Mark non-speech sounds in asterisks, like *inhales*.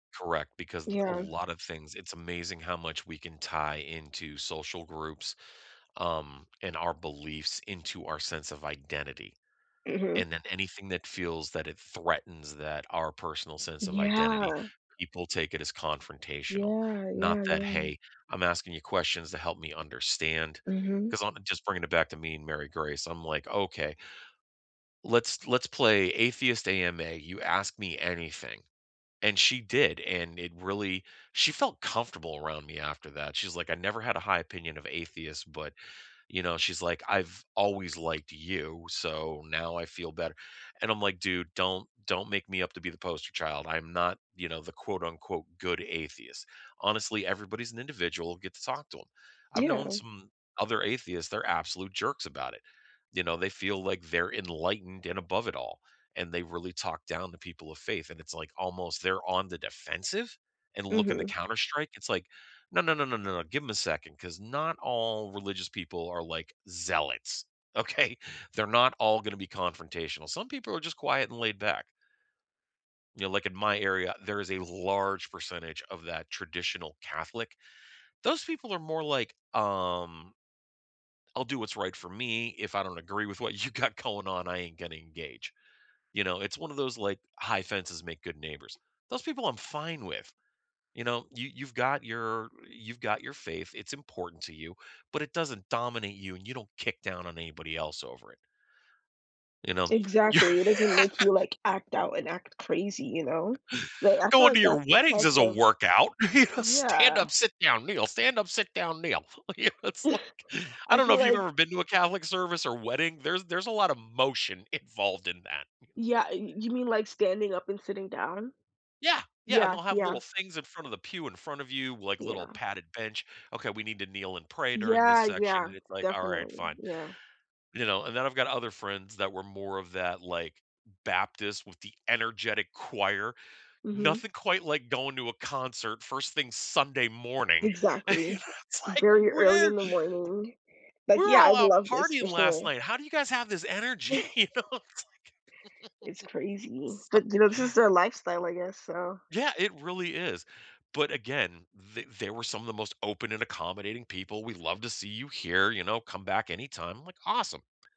Correct, because a Yeah. lot of things it's amazing how much we can tie into social groups, um, and our beliefs into our sense of identity. Mhm. And then anything that feels that it threatens that our personal sense of identity, Yeah. people take it as confrontational, Yeah, not yeah, that, yeah. "Hey, I'm asking you questions to help me understand" Mhm. 'cause I'm gonna just bring it back to me and Mary Grace; I'm like, "Okay, *inhales* let's let's play atheist AMA, you ask me anything," and she did, and it really she felt comfortable around me after that, she's like, "I never had a high opinion of atheists, but, you know," she's like, "I've always liked you, so now I feel better," and I'm like, "Dude, don't don't make me up to be the poster child; I'm not, you know, the quote unquote 'good atheist.'" Honestly, everybody's an individual, get to talk to 'em. I've known Yeah. some other atheists, they're absolute jerks about it. You know, they feel like they're enlightened and above it all and they really talk down to people of faith, and it's like almost they're on the defensive and looking to Mhm. counterstrike, it's like, "No, no, no, no, no, no, give 'em a second 'cause not all religious people are like zealots, okay, they're not all gonna be confrontational; some people are just quiet and laid-back. You know, like in my area, there is a large percentage of that traditional Catholic. Those people are more like, um "I'll do what's right for me; if I don't agree with what you got going on, I ain't gonna engage." You know, it's one of those like, "high fences make good neighbors." Those people I'm fine with. You know, you you've got your you've got your faith, it's important to you, but it doesn't dominate you and you don't kick down on anybody else over it. You know? You're Exactly, it doesn't make you like act out and act crazy, you know? But I *laughs* feel Going to like your that's the weddings type is a of workout, you know, stand Yeah. up, sit down, kneel, stand up, sit down, kneel, you know, it's *laughs* like, I I don't know feel if you've like ever been to a Catholic service or wedding; there's there's a lotta motion involved in that. Yeah, y you mean like standing up and sitting down? Yeah, yeah, and Yeah, they'll have yeah. little things in front of the pew in front of you, like little Yeah. padded bench, okay, we need to kneel and pray during this Yeah, section, yeah. and it's like, "Alright, Definitely, fine." yeah. You know? And then I've got other friends that were more of that, like, Baptist with the energetic choir. Mhm. Nothing quite like going to a concert first thing Sunday morning, and you Exactly. know it's like, Very early "Where" in the morning. Like, We're yeah, all I'd out love this partying for last sure. night, how do you guys have this energy, you know? *laughs* It's like It's crazy, *laughs* but So you know, this is their lifestyle, I guess, so Yeah, it really is, but, again, th they were some of the most open and accommodating people, "We'd love to see you here," you know? "Come back anytime," like, "Awesome."